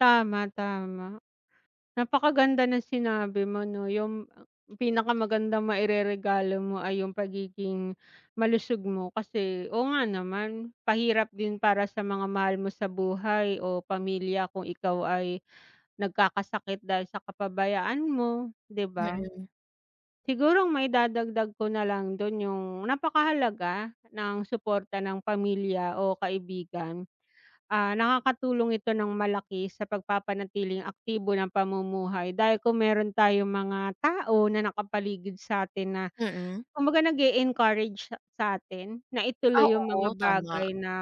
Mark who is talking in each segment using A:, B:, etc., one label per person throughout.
A: Tama, tama. Napakaganda ng sinabi mo 'no, 'yung pinakamagandang maireregalo mo ay 'yung pagiging malusog mo, kasi oo nga naman, pahirap din para sa mga mahal mo sa buhay o pamilya kung ikaw ay nagkakasakit dahil sa kapabayaan mo, 'di ba?
B: Mm.
A: Siguro ang maidadagdag ko nalang do'n, 'yung napakahalaga ng suporta ng pamilya o kaibigan. Ah, nakakatulong ito ng malaki sa pagpapanatiling aktibo ng pamumuhay dahil kung meron tayong mga tao na nakapaligid sa'tin na
B: Mm.
A: kumbaga nag-e-encourage sa sa'tin na
B: Ah,
A: ituloy 'yung mga
B: oo, tama.
A: bagay na,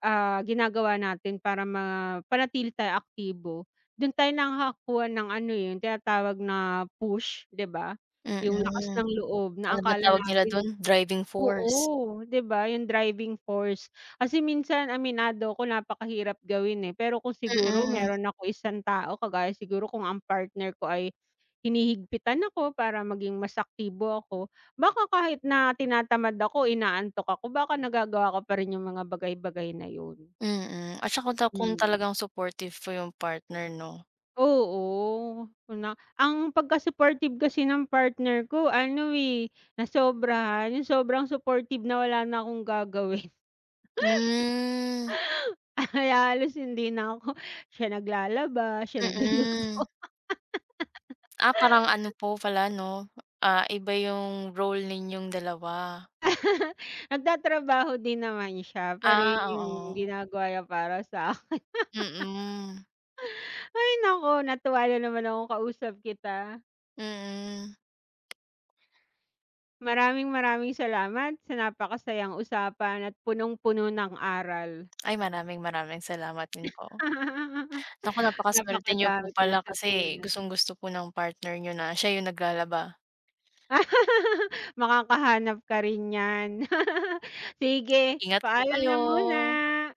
A: ah, ginagawa natin para mapanatili tayong aktibo. Do'n tayo nakakakuha ng ano, eh, 'yun tinatawag na push 'di ba, 'yung lakas
B: Mm,
A: ng loob na
B: ano na
A: akala
B: tawag nila
A: natin.
B: do'n? Driving force.
A: Oo 'di ba, 'yung driving force, kasi minsan aminado ako napakahirap gawin, eh, pero kung siguro
B: Mm.
A: meron ako isang tao, kagaya siguro kung ang partner ko ay hinihigpitan ako para maging mas aktibo ako, baka kahit na tinatamad ako, inaantok ako, baka nagagawa ko pa rin 'yung mga bagay-bagay na 'yun.
B: Mm, at saka ta kung
A: Mhm.
B: talagang supportive po 'yung partner, 'no.
A: Oo. 'Yun nga ang pagka-supportive kasi ng partner ko ano, eh, nasobrahan, 'yung sobrang supportive na wala na akong gagawin.
B: Hmm.
A: Kaya halos hindi na ako siya naglalaba, siya nagluluto.
B: Mm. Ah, parang ano po pala 'no, ah, iba yung role ninyong dalawa.
A: Nagtatrabaho din naman siya, pero 'yun
B: Ah,
A: 'yung
B: oo.
A: ginagawa niya para sa akin.
B: Mm.
A: Ay naku, natuwa nanaman akong kausap kita.
B: Mm.
A: Maraming-maraming salamat sa napakasayang usapan at punong-puno ng aral.
B: Ay, maraming-maraming salamat din po. Naku, napakasuwerte niyo
A: Napakadami
B: po
A: kong
B: pala, kasi
A: natutunan.
B: gustong-gusto po ng partner niyo na siya 'yung naglalaba.
A: Makakahanap ka rin niyan. Sige,
B: Ingat po
A: paalam
B: kayo.
A: na muna.